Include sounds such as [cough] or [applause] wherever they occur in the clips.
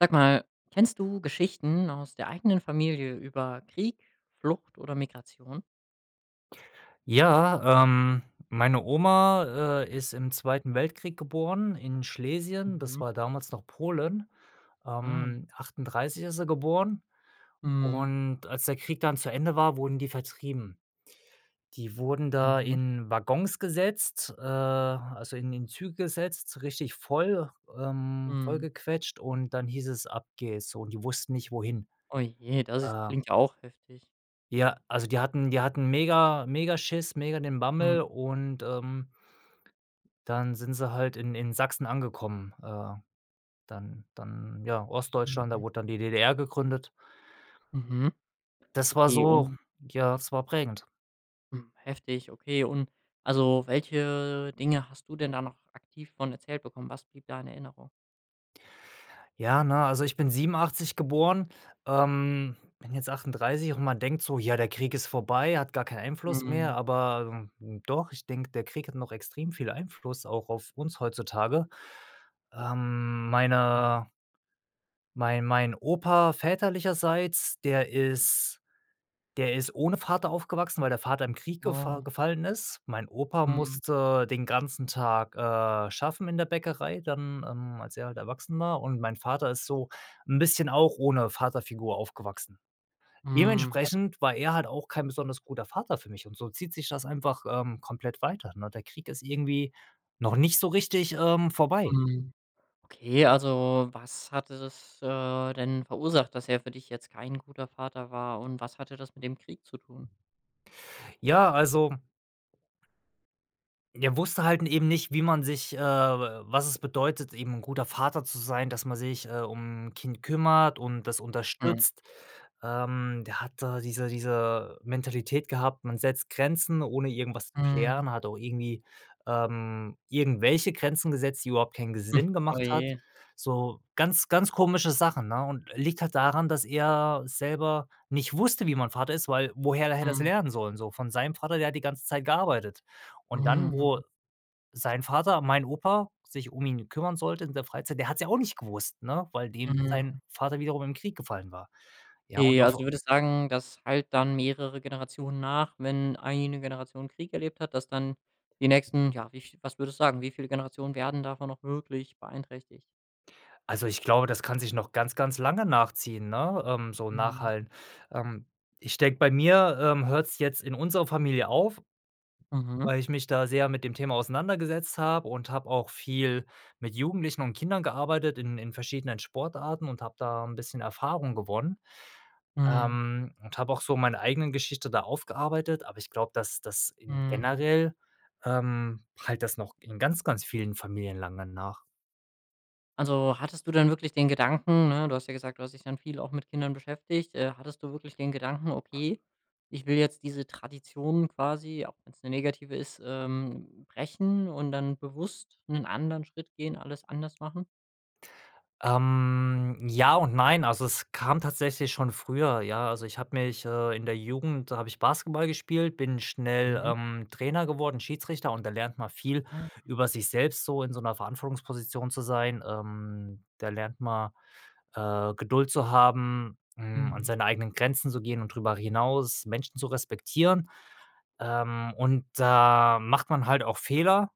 Sag mal, kennst du Geschichten aus der eigenen Familie über Krieg, Flucht oder Migration? Ja, ähm, meine Oma, äh, ist im 2. Weltkrieg geboren in Schlesien. Das Mhm. war damals noch Polen. Ah. Ähm, 1938 ist sie geboren. Mhm. Und als der Krieg dann zu Ende war, wurden die vertrieben. Die wurden da Mhm. in Waggons gesetzt, äh, also in in Züge gesetzt, richtig voll ähm, voll Mhm. gequetscht und dann hieß es, ab geht's, so, und die wussten nicht wohin, Oh je das äh klingt auch heftig. ja, also die hatten die hatten mega, mega Schiss, mega den Mhm. Bammel und, ähm, dann sind sie halt in in Sachsen angekommen. Äh, dann dann ja Ostdeutschland, da Mhm. wurde dann die DDR gegründet. Mhm, Das war okay so und ja, es war prägend. Hm, heftig, okay. Und also, welche Dinge hast du denn da noch aktiv von erzählt bekommen? Was blieb da in Erinnerung? Ja, na, also ich bin 1987 geboren, ähm, bin jetzt 38 und man denkt so: „Ja, der Krieg ist vorbei, hat gar keinen Einfluss mehr.“ Mhm. Aber doch, ich denke, der Krieg hat noch extrem viel Einfluss auch auf uns heutzutage. Ähm, Mhm. meine mein mein Opa väterlicherseits, der ist der ist ohne Vater aufgewachsen, weil der Vater im Krieg gefa Oh. gefallen ist. Mein Opa Mhm. musste den ganzen Tag, äh, schaffen in der Bäckerei dann, ähm, als er halt erwachsen war und mein Vater ist so 'n bisschen auch ohne Vaterfigur aufgewachsen. Mhm, he Dementsprechend war er halt auch kein besonders guter Vater für mich und so zieht sich das einfach, ähm, komplett weiter, ne, der Krieg ist irgendwie noch nicht so richtig, ähm, vorbei. Mhm, okay, also was hatte das, äh, denn verursacht, dass er für dich jetzt kein guter Vater war und was hatte das mit dem Krieg zu tun? Ja, also er wusste halt n eben nicht, wie man sich, äh wa was es bedeutet, eben 'n guter Vater zu sein, dass man sich, äh, um 'n Kind kümmert und das Mhm. unterstützt. Ähm, der hat da diese diese Mentalität gehabt, man setzt Grenzen ohne irgendwas zu Mhm. klären, hat auch irgendwie, ähm, irgendwelche Grenzen gesetzt, die überhaupt keinen ge [chuckles] Sinn Oh gemacht hat, je. so ganz, ganz komische Sachen, ne, und liegt halt daran, dass er selber nicht wusste, wie man Vater ist, weil woher hätte er das Mhm. lernen sollen, so von seinem Vater der hat die ganze Zeit gearbeitet. Und dann, wo Mhm. sein Vater, mein Opa sich um ihn kümmern sollte in der Freizeit, der hat's ja auch nicht gewusst, ne, weil dem Mhm. sein Vater wiederum im Krieg gefallen war. Ja und Okay, auf w also, du würdest sagen, das hallt dann mehrere Generationen nach, wenn eine Generation Krieg erlebt hat, dass dann die nächsten, ja, wie viel was würdest du sagen, wie viele Generationen werden davon noch wirklich beeinträchtigt? Also ich glaube, das kann sich noch ganz, ganz lange nachziehen, ne, ähm, so Mhm. nachhallen. Ähm, ich denke bei mir, ähm, hört's jetzt in unserer Familie auf, Mhm. weil ich mich da sehr mit dem Thema auseinandergesetzt habe und habe auch viel mit Jugendlichen und Kindern gearbeitet in in verschiedenen Sportarten und hab da 'n bisschen Erfahrung gewonnen, Mhm. ähm, und habe auch so meine eigenen Geschichte da aufgearbeitet, aber ich glaube, dass das in Mhm. generell ähm, hallt das noch in ganz, ganz vielen Familien lange nach. Also, hattest du dann wirklich den Gedanken, ne, du hast ja gesagt: „Du hast dich dann viel auch mit Kindern beschäftigt“. Äh, hattest du wirklich den Gedanken: „Okay, ich will jetzt diese Tradition quasi,- auch wenn's 'ne negative ist,- ähm, brechen.“ Und dann bewusst 'nen anderen Schritt gehen, alles anders machen? Ähm, ja und nein, also, es kam tatsächlich schon früher, ja also ich habe mich, äh, in der Jugend da habe ich Basketball gespielt, bin schnell, Mhm. ähm, Trainer geworden, Schiedsrichter und da lernt mal viel Ah. über sich selbst so in so 'ner Verantwortungsposition zu sein. Ähm, da lernt man, äh, Geduld zu haben, hm, an Mhm. seine eigenen Grenzen zu gehen und drüber hinaus Menschen zu respektieren. Ähm, und da macht man halt auch Fehler,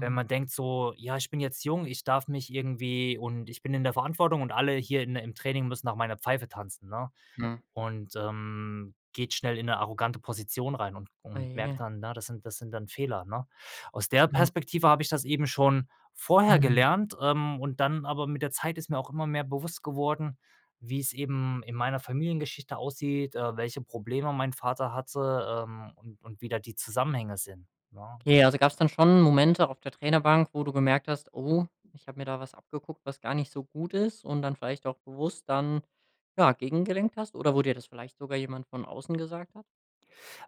wenn man denkt so: „Ja, ich bin jetzt jung, ich darf mich irgendwie und ich bin in der Verantwortung und alle hier in im Training müssen nach meiner Pfeife tanzen“, ne? Hm. Und, ähm, geht schnell in 'ne arrogante Position rein und Oh und je. merkt dann, ja, das sind das sind dann Fehler, ne? Aus der Mhm. Perspektive habe ich das eben schon vorher Mhm. gelernt, ähm, und dann aber mit der Zeit ist mir auch immer mehr bewusst geworden, wie's eben in meiner Familiengeschichte aussieht, äh, welche Probleme mein Vater hatte, ähm, und und wie da die Zusammenhänge sind, ne? Ja, also gab's dann schon Momente auf der Trainerbank, wo du gemerkt hast: „Oh, ich habe mir da was abgeguckt, was gar nicht so gut ist“ und dann vielleicht auch bewusst dann ja, gegengelenkt hast oder wo dir das vielleicht sogar jemand von außen gesagt hat?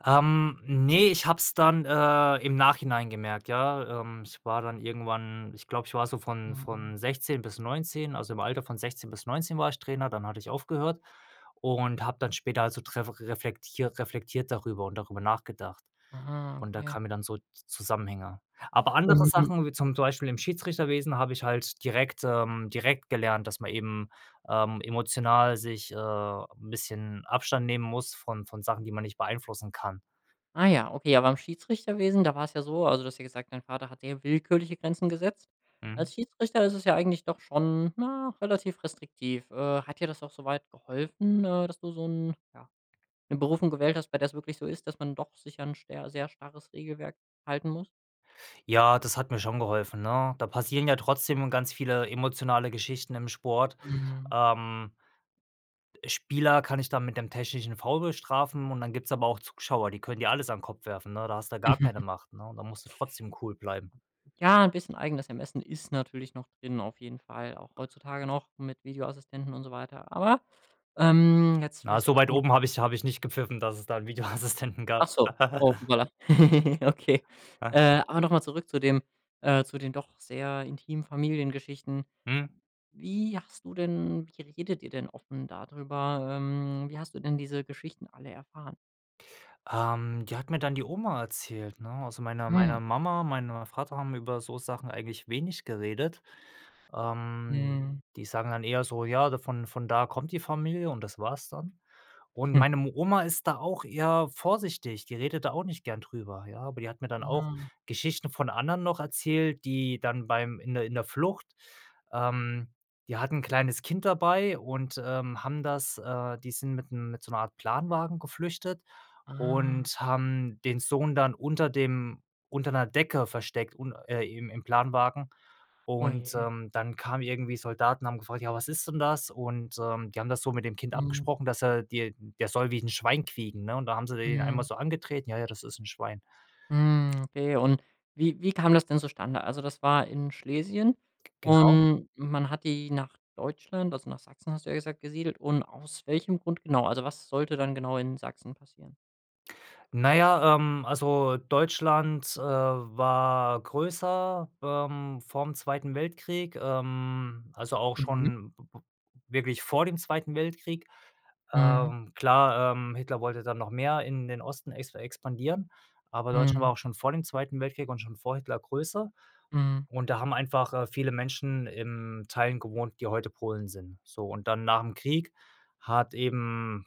Ähm, ne, ich habe es dann, äh, im Nachhinein gemerkt, ja. Ähm, ich war dann irgendwann ich glaube, ich war so von Mhm. von 16 bis 19, also, im Alter von 16 bis 19 war ich Trainer, dann hatte ich aufgehört und habe dann später also dref reflektiert reflektiert darüber und darüber nachgedacht. Aha, Und da okay. kamen mir dann so Zusammenhänge. Aber andere Mhm. Sachen, wie zum zum Beispiel im Schiedsrichterwesen habe ich halt direkt ähm, direkt gelernt, dass man eben, ähm, emotional sich, äh, 'n bisschen Abstand nehmen muss von von Sachen, die man nicht beeinflussen kann. Ah ja, okay, aber beim Schiedsrichterwesen, da war's ja so also, du hast ja gesagt: „Dein Vater hat sehr willkürliche Grenzen gesetzt“. Mhm. Als Schiedsrichter ist es ja eigentlich doch schon, na, relativ restriktiv. Äh, hat dir das auch so weit geholfen, äh, dass du so 'n ja, 'ne Berufung gewählt hast, bei der's wirklich so ist, dass man doch sicher 'n scher sehr starres Regelwerk halten muss? Ja, das hat mir schon geholfen, ne? Da passieren ja trotzdem ganz viele emotionale Geschichten im Sport. Mhm. Ähm äh, Spieler kann ich dann mit dem technischen Foul bestrafen und dann gibt's aber auch Zuschauer, die könnt ihr alles an Kopf werfen, ne? Da hast du gar keine [chuckles] Macht, ne? Und da musst du trotzdem cool bleiben. Ja, 'n bisschen eigenes Ermessen ist natürlich noch drin auf jeden Fall, auch heutzutage noch mit Videoassistenten und so weiter aber, ähm, jetzt Na, vielleicht so weit erstmal noch oben habe ich habe ich nicht gepfiffen, dass es da 'n Videoassistenten gab. Achso, oh [chuckles] hoppala, [giggles] okay. Äh, aber nochmal zurück zu den äh, zu den doch sehr intimen Familiengeschichten. Mhm. Wie hast du denn wie redet ihr denn offen da drüber? Ähm, wie hast du denn diese Geschichten alle erfahren? Ähm, die hat mir dann die Oma erzählt, ne? Also, meine Ah meine ja. Mama, meine Vater haben über so Sachen eigentlich wenig geredet. Ähm, Mhm. die sagen dann eher so: „Ja von von da kommt die Familie“ und das war's dann. Und [chuckles] meine m Oma ist da auch eher vorsichtig, die redet da auch nicht gern drüber, ja, aber die hat mir dann auch Ah. Geschichten von anderen noch erzählt, die dann beim in der in der Flucht, ähm, die hatten 'n kleines Kind dabei und, ähm, haben das, äh, die sind mit dem mit so 'ner Art Planwagen geflüchtet Ah. und haben den Sohn dann unter dem unter 'ner Decke versteckt un äh, im im Planwagen. Oh Und, je. ähm, dann kamen irgendwie Soldaten, haben gefragt: „Ja, was ist denn das?“ Und, ähm, die haben das so mit dem Kind Mhm. abgesprochen, dass er, die der soll wie 'n Schwein quieken, ne? Und da haben sie den Ja. einmal so angetreten, „Ja, ja, das ist 'n Schwein.“ Hm, okay und wie wie kam das denn zustande? Also, das war in Schlesien Genau. und man hat die nach Deutschland, also nach „Sachsen“ hast du ja gesagt, gesiedelt. Und aus welchem Grund genau? Also, was sollte dann genau in Sachsen passieren? Na ja, ähm, also, Deutschland, äh, war größer, ähm, vorm 2. Weltkrieg, ähm, also, auch Mhm. schon wirklich vor dem 2. Weltkrieg. Mhm. Ähm, klar, ähm, Hitler wollte dann noch mehr in den Osten ex expandieren, aber Deutschland Mhm. war auch schon vor dem 2. Weltkrieg und schon vor Hitler größer. Mhm. Und da haben einfach, äh, viele Menschen in Teilen gewohnt, die heute Polen sind. So und dann nach 'm Krieg hat eben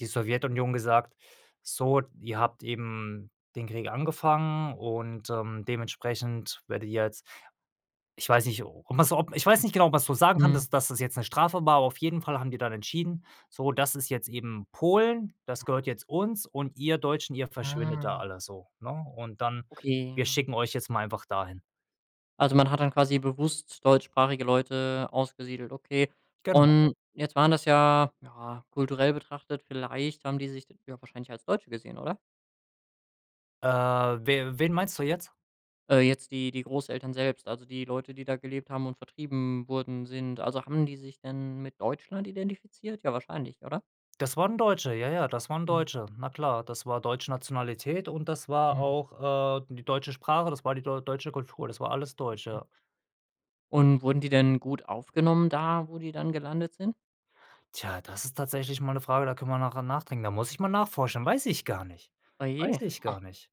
die Sowjetunion gesagt: „So, ihr habt eben den Krieg angefangen und, ähm, dementsprechend werdet ihr jetzt“ ich weiß nicht, um was ob ich weiß nicht genau was du sagen kann, Mhm. dass das jetzt 'ne Strafe war, auf jeden Fall haben die dann entschieden: „So, das ist jetzt eben Polen. Das gehört Mhm. jetzt uns und ihr Deutschen, ihr verschwindet da Ah. alle so, ne?“ Und dann: Okay, „Wir ja. schicken euch jetzt mal einfach dahin.“ Also, man hat dann quasi bewusst deutschsprachige Leute ausgesiedelt, okay. Genau. Und jetzt waren das ja, ja kulturell betrachtet, vielleicht haben die sich ja wahrscheinlich als Deutsche gesehen, oder? Äh, w wen meinst du jetzt? Äh, jetzt die die Großeltern selbst, also, die Leute, die da gelebt haben und vertrieben wurden sind. Also, haben die sich denn mit Deutschland identifiziert, ja, wahrscheinlich, oder? Das waren Deutsche, ja, ja, das waren Mhm. Deutsche, na klar. Das war deutsche Nationalität und das war Mhm. auch, äh, die deutsche Sprache, das war die deu deutsche Kultur, das war alles Deutsch, Mhm. ja. Und wurden die denn gut aufgenommen da, wo die dann gelandet sind? Tja, das ist tatsächlich mal 'ne Frage, da können wir nachher nachdenken, da muss ich mal nachforschen, weiß ich gar nicht. Oh je, Weiß ich gar oh. nicht.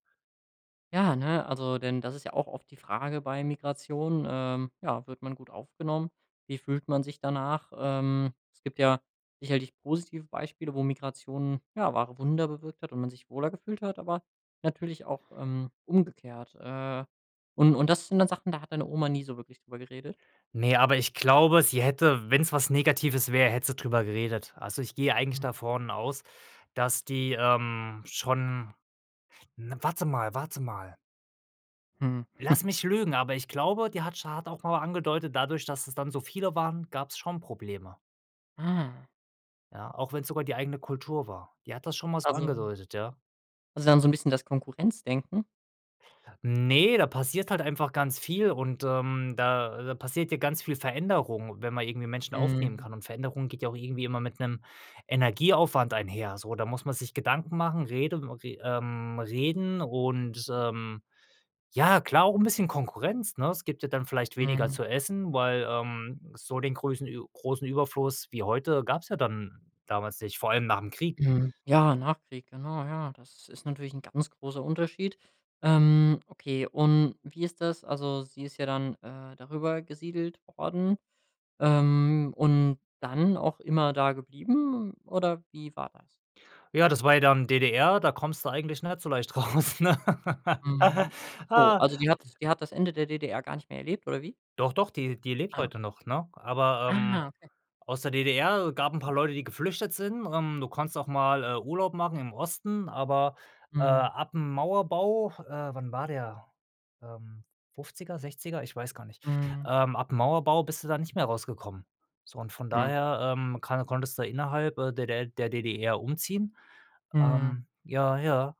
Ja, ne, also, denn das ist ja auch oft die Frage bei Migration, ähm, ja, wird man gut aufgenommen? Wie fühlt man sich danach? Ähm, es gibt ja sicherlich positive Beispiele, wo Migration, ja, wahre Wunder bewirkt hat und man sich wohler gefühlt hat, aber natürlich auch, ähm, umgekehrt. Äh, und und das sind dann Sachen, da hat deine Oma nie so wirklich drüber geredet? Ne, aber ich glaube, sie hätte, wenn's was Negatives wäre, hätte sie drüber geredet. Also ich gehe eigentlich Hm. davon aus, dass die, ähm, schon 'n warte mal warte mal Mhm. [chuckles] lass mich lügen aber ich glaube die hat sch hat auch mal angedeutet dadurch dass es dann so viele waren gab's schon Probleme. Ah. Ja auch wenn's sogar die eigene Kultur war die hat das schon mal so Also angedeutet ja. haben sie dann so 'n bisschen das Konkurrenzdenken? Ne, da passiert halt einfach ganz viel und, ähm, da passierte ganz viel Veränderung, wenn man irgendwie Menschen aufnehmen Mhm. kann und Veränderung geht ja auch irgendwie immer mit 'nem Energieaufwand einher, so. Da muss man sich Gedanken machen, rede w re ähm, reden und, ähm, ja, klar auch 'n bisschen Konkurrenz, ne? Es gibt ja dann vielleicht weniger Mhm. zu essen, weil, ähm. so den größen Ü großen Überfluss wie heute gab's ja dann damals nicht, vor allem nach 'm Krieg. Mhm, ja, Nachkrieg, genau, ja. Das ist natürlich 'n ganz großer Unterschied. Ähm, okay und wie ist das? Also, sie ist ja dann, äh, darüber gesiedelt worden, ähm, und dann auch immer da geblieben oder wie war das? Ja, das war ja dann DDR, da kommst du eigentlich nicht so leicht raus, ne? Mhm, achso, also die hat [laughs] die hat das Ende der DDR gar nicht mehr erlebt oder wie? Doch, doch, die die lebt Ah. heute noch, ne? Aber, Ah, ähm, okay. aus der DDR gab 'n paar Leute, die geflüchtet sind. Ähm, du kannst auch mal, äh, Urlaub machen im Osten, aber, äh, Mhm. ab 'm Mauerbau äh, wann war der? Ähm, 50er, 60er, ich weiß gar nicht. Mhm. Ähm, ab 'm Mauerbau bist du da nicht mehr rausgekommen. So und von Hm. daher, ähm, kann konntest du innerhalb, äh, der der der DDR umziehen. Mhm. Ähm, ja, ja.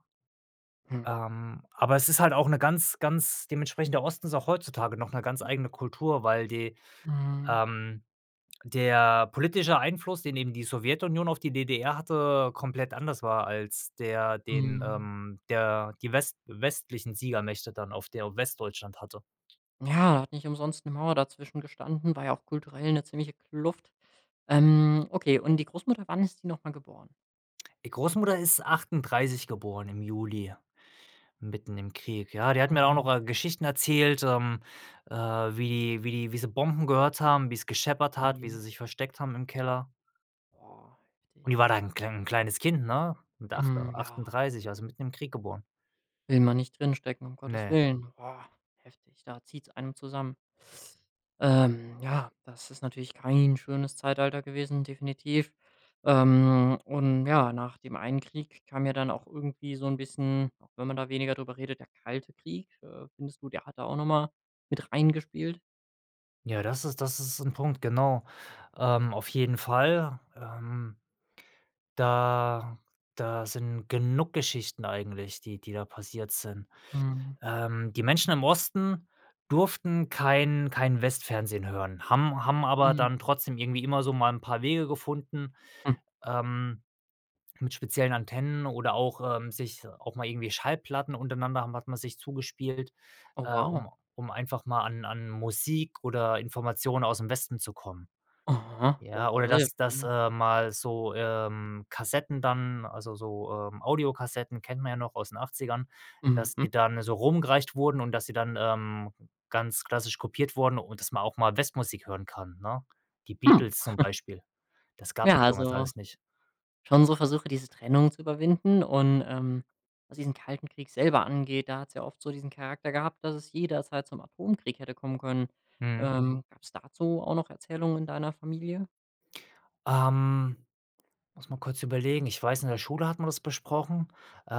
Hm. Ähm, aber es ist halt auch 'ne ganz ganz dementsprechend der Osten ist auch heutzutage noch 'ne ganz eigene Kultur, weil die, Mhm. ähm der politische Einfluss, den eben die Sowjetunion auf die DDR hatte, komplett anders war als der den, Mhm. ähm, der die west westlichen Siegermächte dann auf der Westdeutschland hatte. Ja, hat nicht umsonst 'ne Mauer dazwischen gestanden, war ja auch kulturell 'ne ziemliche Kluft. Ähm, okay, und die Großmutter, wann ist die noch mal geboren? Die Großmutter ist 38 geboren im Juli, mitten im Krieg, ja? Die hat mir auch noch, Mhm. äh, Geschichten erzählt, ähm, äh, wie wie wie sie Bomben gehört haben, wie's gescheppert Oh hat, wie je. sie sich versteckt haben im Keller. Boah, Und die heftig. war da 'n 'n klein kleines Kind, ne? Mit acht Mhm, ja. 38, also, mitten im Krieg geboren. Will man nicht drinstecken, um Gottes Ne. Willen. Boah, heftig. Da zieht's einem zusammen. Ähm, ja, das ist natürlich kein schönes Zeitalter gewesen, definitiv. Ähm, und ja, nach dem einen Krieg kam ja dann auch irgendwie so 'n bisschen, auch wenn man da weniger drüber redet, der Kalte Krieg. Äh, findest du, der hat da auch noch mal mit reingespielt? Ja, das ist das ist 'n Punkt, genau. Ähm, auf jeden Fall, ähm da da sind genug Geschichten eigentlich, die die da passiert sind. Mhm. Ähm, die Menschen im Osten durften kein kein Westfernsehen hören, haben haben aber Mhm. dann trotzdem irgendwie immer so mal 'n paar Wege gefunden, Hm. ähm, mit speziellen Antennen oder auch, ähm sich, auch mal irgendwie Schallplatten untereinander haben hat man sich zugespielt, Oh, äh, wow. um um einfach mal an an Musik oder Informationen ausm Westen zu kommen. Aha, Ja, wow, oder das ist ja dass dass, spannend. äh, mal so, ähm, Kassetten dann, also so, ähm, Audiokassetten kennt man ja noch aus den Achtzigern, dass Mhm. die dann so rumgereicht wurden und dass sie dann, ähm, ganz klassisch kopiert wurden und dass man auch mal Westmusik hören kann, ne? Die Hm. Beatles zum [chuckles] Beispiel. Das gab's Ja, ja damals also alles nicht. schon so Versuche, diese Trennung zu überwinden. Und, ähm, was diesen Kalten Krieg selber angeht, da hat's ja oft so diesen Charakter gehabt, dass es jederzeit zum Atomkrieg hätte kommen können. Mhm. Ähm, gab's dazu auch noch Erzählungen in deiner Familie? Ähm, muss mal kurz überlegen, ich weiß, in der Schule hat man das besprochen.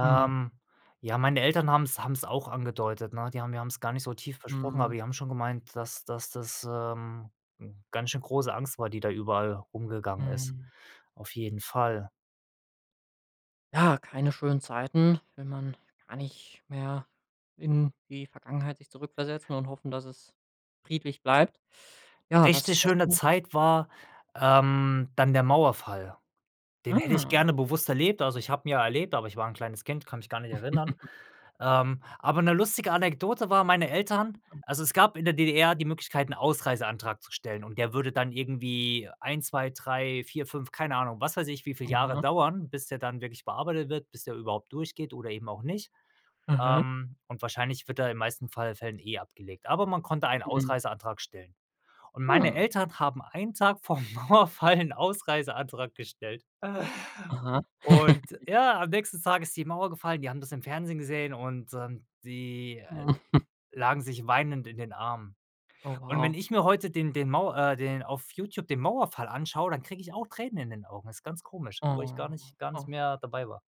Mhm. ja, meine Eltern haben's haben's auch angedeutet, ne? Die haben wir haben's gar nicht so tief besprochen, aber Mhm. die haben schon gemeint, dass dass das, ähm, ganz schön große Angst war, die da überall rumgegangen ist. Mhm. Auf jeden Fall. Ja, keine schönen Zeiten. Will man gar nicht mehr in die Vergangenheit sich zurückversetzen und hoffen, dass es friedlich bleibt. Ja, was Richtig was schöne kann Zeit war, ähm, dann der Mauerfall. Den hätte ich Ah. gerne bewusst erlebt, also ich habe ihn ja erlebt, aber ich war 'n kleines Kind, kann mich gar nicht erinnern. [chuckles] Ähm, aber 'ne lustige Anekdote war meine Eltern also es gab in der DDR die Möglichkeit, 'n Ausreiseantrag zu stellen und der würde dann irgendwie 1, 2, 3, 4, 5, keine Ahnung, was weiß ich, wie viel Jahre Aha. dauern, bis der dann wirklich bearbeitet wird, bis der überhaupt durchgeht oder eben auch nicht. Aha. Ähm, und wahrscheinlich wird da in den meisten Fall Fällen, eh, abgelegt. Aber man konnte einen Mhm. Ausreiseantrag stellen. Und meine Mhm. Eltern haben einen Tag vorm Mauerfall 'n Ausreiseantrag gestellt. Aha. Und [chuckles] ja, am nächsten Tag ist die Mauer gefallen, die haben das im Fernsehen gesehen und, ähm, die, äh, Oh. [chuckles] lagen sich weinend in den Armen. Oh, Und wenn wow. ich mir heute den den Mau äh den auf YouTube den Mauerfall anschaue, dann kriege ich auch Tränen in den Augen, ist ganz komisch, obwohl ich gar Oh, nicht gar nicht oh. mehr dabei war.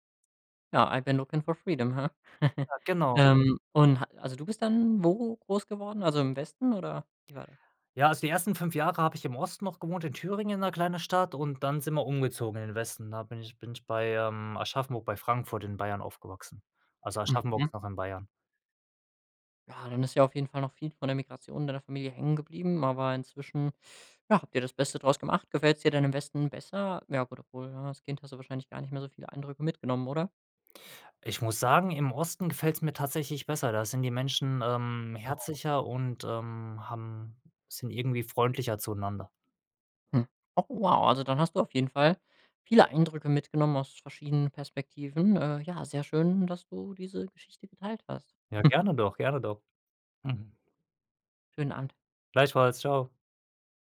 Ja, I've been looking for freedom, he? [chuckles] Ja, genau. Ähm, und ha also, du bist dann wo groß geworden, also im Westen oder wie war das? Ja, also, die ersten 5 Jahre habe ich im Osten noch gewohnt, in Thüringen in 'ner kleine Stadt und dann sind wir umgezogen in den Westen. Da bin ich bin ich bei, ähm, Aschaffenburg bei Frankfurt in Bayern aufgewachsen. Also Aschaffenburg Mhm. ist noch in Bayern. Ja, dann ist ja auf jeden Fall noch viel von der Migration in deiner Familie hängen geblieben. Aber inzwischen, ja, habt ihr das Beste draus gemacht. Gefällt's dir denn im Westen besser? Ja, gut, obwohl, ja, als Kind hast du wahrscheinlich gar nicht mehr so viele Eindrücke mitgenommen, oder? Ich muss sagen, im Osten gefällt's mir tatsächlich besser. Da sind die Menschen, ähm, [unintelligible] herzlicher und, ähm, haben sind irgendwie freundlicher zueinander. Hm. Oh, wow. Also, dann hast du auf jeden Fall viele Eindrücke mitgenommen aus verschiedenen Perspektiven. Äh, ja, sehr schön, dass du diese Geschichte geteilt hast. Ja, [chuckles] gerne doch, gerne doch. Mhm. Schönen Abend. Gleichfalls, tschau.